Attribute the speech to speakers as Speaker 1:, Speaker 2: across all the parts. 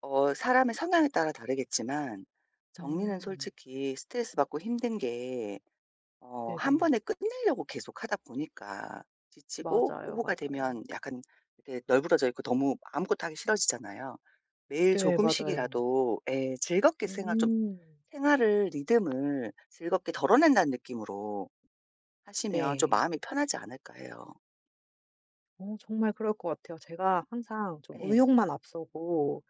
Speaker 1: 어 사람의 성향에 따라 다르겠지만 정리는
Speaker 2: 음.
Speaker 1: 솔직히 스트레스받고 힘든 게 어 1
Speaker 2: 네네.
Speaker 1: 번에 끝내려고 계속 하다 보니까 지치고
Speaker 2: 맞아요,
Speaker 1: 오후가
Speaker 2: 맞아요.
Speaker 1: 되면 약간 이렇게 널브러져 있고 너무 아무것도 하기 싫어지잖아요. 매일
Speaker 2: 네 맞아요.
Speaker 1: 조금씩이라도 예 즐겁게 생활 좀
Speaker 2: 음.
Speaker 1: 생활을 리듬을 즐겁게 '덜어낸다.'는 느낌으로 하시면 좀
Speaker 2: 네.
Speaker 1: 마음이 편하지 않을까 해요.
Speaker 2: 어 정말 그럴 것 같아요. 제가 항상 좀
Speaker 1: 예.
Speaker 2: 의욕만 앞서고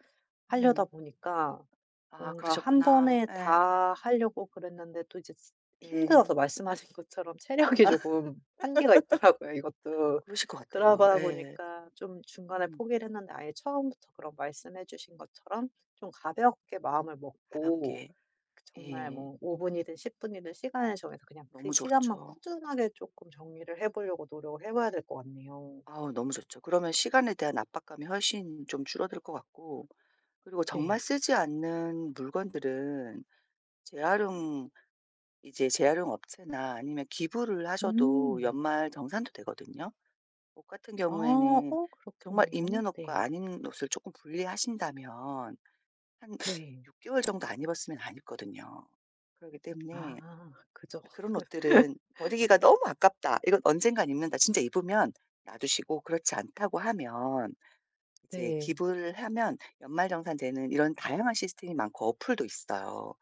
Speaker 2: 하려다
Speaker 1: 음.
Speaker 2: 보니까
Speaker 1: 아
Speaker 2: 뭔가 1
Speaker 1: 그러셨구나.
Speaker 2: 번에
Speaker 1: 예.
Speaker 2: 다 하려고 그랬는데 또 이제 지 힘들어서
Speaker 1: 네.
Speaker 2: 말씀하신 것처럼 체력이 조금 한계가 있더라고요 이것도.
Speaker 1: 그러실 것 같아요.
Speaker 2: 그러다
Speaker 1: 예.
Speaker 2: 보니까 좀 중간에
Speaker 1: 음.
Speaker 2: 포기를 했는데 아예 처음부터 그런 말씀해 주신 것처럼 좀 가볍게 마음을 먹고
Speaker 1: 가볍게.
Speaker 2: 그 정말
Speaker 1: 예.
Speaker 2: 뭐 5 분이든 10 분이든 시간을 정해서 그냥 그
Speaker 1: 너무
Speaker 2: 시간만
Speaker 1: 좋죠.
Speaker 2: 꾸준하게 쪼끔 정리를 해 보려고 노력을 해 봐야 될 것 같네요.
Speaker 1: 아 너무 좋죠. 그러면 시간에 대한 압박감이 훨씬 좀 줄어들 것 같고 그리고 정말
Speaker 2: 네.
Speaker 1: 쓰지 않는 물건들은 재활용 이제 재활용 업체나 아니면 기부를 하셔도
Speaker 2: 음.
Speaker 1: 연말 정산도 되거든요. 옷 같은
Speaker 2: 아.
Speaker 1: 경우에는
Speaker 2: 어
Speaker 1: 정말
Speaker 2: 그렇겠네요.
Speaker 1: 입는 옷과
Speaker 2: 네.
Speaker 1: 안 입는 옷을 쪼끔 분리하신다면 한
Speaker 2: 네.
Speaker 1: 6 개월 정도 안 입었으면 안 입거든요. 그러기 때문에
Speaker 2: 아 그죠.
Speaker 1: '그런 옷들은 버리기가 너무 아깝다. 이건 언젠가는 입는다.' 진짜 입으면 놔 두시고 그렇지 않다고 하면 이제
Speaker 2: 네.
Speaker 1: 기부를 하면 연말정산되는 이런 다양한 시스템이 많고 어플도 있어요.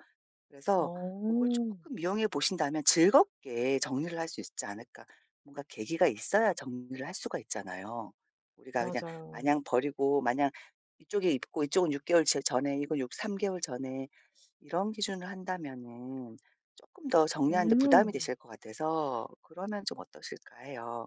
Speaker 1: 그래서 고걸
Speaker 2: 어.
Speaker 1: 쪼끔 이용해 보신다면 즐겁게 정리를 할 수 있지 않을까. 뭔가 계기가 있어야 정리를 할 수가 있잖아요. 우리가 그냥 마냥
Speaker 2: 맞아요.
Speaker 1: 버리고 마냥 이쪽에 입고 이쪽은 6 개월 제 전에 이거 6 3 개월 전에 이런 기준을 한다면은 쪼끔 더 정리하는 데 부담이
Speaker 2: 음.
Speaker 1: 되실 것 같아서 그러면 좀 어떠실까 해요.